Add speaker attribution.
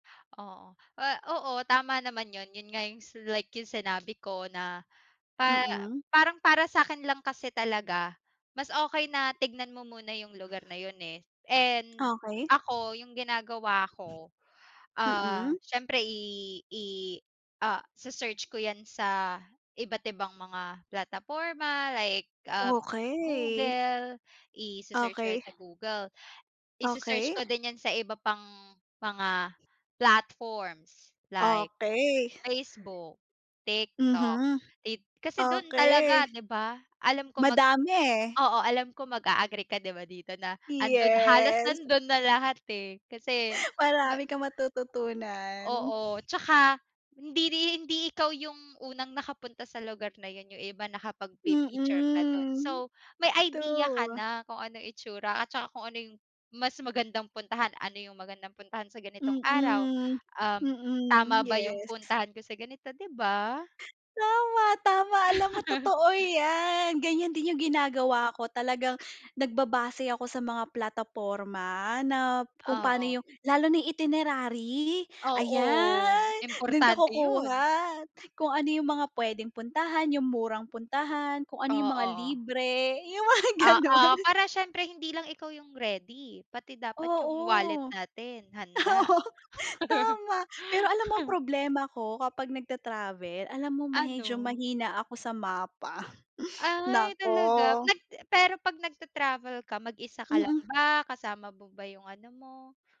Speaker 1: Oo. Ah, oo, tama naman yun. Yun nga yung s like yung sinabi ko na pa
Speaker 2: Mm.
Speaker 1: parang para sa'kin lang kasi talaga mas okey na tignan mo muna yung lugar na yun, eh. And
Speaker 2: Okey.
Speaker 1: ako yung ginagawa ko,
Speaker 2: Mm.
Speaker 1: ah, siyempre i i ah, se-search ko yan sa iba't ibang mga plataporma like, um,
Speaker 2: Okey.
Speaker 1: Google. Ise-search ko
Speaker 2: Okey.
Speaker 1: 'yan sa Google. Ise-search
Speaker 2: Okey.
Speaker 1: ko din 'yan sa iba pang mga platforms, like
Speaker 2: Okey.
Speaker 1: Facebook, TikTok,
Speaker 2: Mhm.
Speaker 1: ti kasi dun talaga,
Speaker 2: Okey.
Speaker 1: 'di ba? Alam ko mag
Speaker 2: Madami, eh.
Speaker 1: oo. Alam ko mag-a-agree ka 'di ba dito na 'andun halos
Speaker 2: Yes.
Speaker 1: nandun na lahat, eh. Kasi ma
Speaker 2: Marami kang matututunan.
Speaker 1: Oo, tsaka hindi ri hindi ikaw yung unang nakapunta sa lugar na yun, yung iba nakapagpi-picture na dun.
Speaker 2: Mm.
Speaker 1: So, may idea ka
Speaker 2: True.
Speaker 1: na kung anong itsura at tsaka kung ano yung mas magandang puntahan. Ano yung magandang puntahan sa ganitong araw,
Speaker 2: Mm.
Speaker 1: um,
Speaker 2: Mm,
Speaker 1: tama ba yung
Speaker 2: yes.
Speaker 1: puntahan ko sa ganito, 'di ba?
Speaker 2: Tama, tama. Alam mo totoo 'yan. Ganyan din yung ginagawa ko talagang nagbabase ako sa mga plataporma na kung pa'no
Speaker 1: Oo.
Speaker 2: yung lalo na itinerary,
Speaker 1: Oo,
Speaker 2: ayan, dun ka
Speaker 1: importante yun.
Speaker 2: kukuha kung ano yung mga puwedeng puntahan, yung murang puntahan, kung ano yung mga
Speaker 1: Oo.
Speaker 2: libre, yung mga ganun.
Speaker 1: Oo, para siyempre hindi lang ikaw yung ready pati dapat yung wallet
Speaker 2: Oo.
Speaker 1: natin handa.
Speaker 2: Oo, tama. Pero alam mo ang problema ko kapag nagta-travel, alam mo medyo
Speaker 1: Ano?
Speaker 2: mahina ako sa mapa.
Speaker 1: Ay talaga?
Speaker 2: Naku.
Speaker 1: Nag pero 'pag nagta-travel ka mag-isa ka lang
Speaker 2: Mm.
Speaker 1: ba? Kasama mo ba yung ano mo?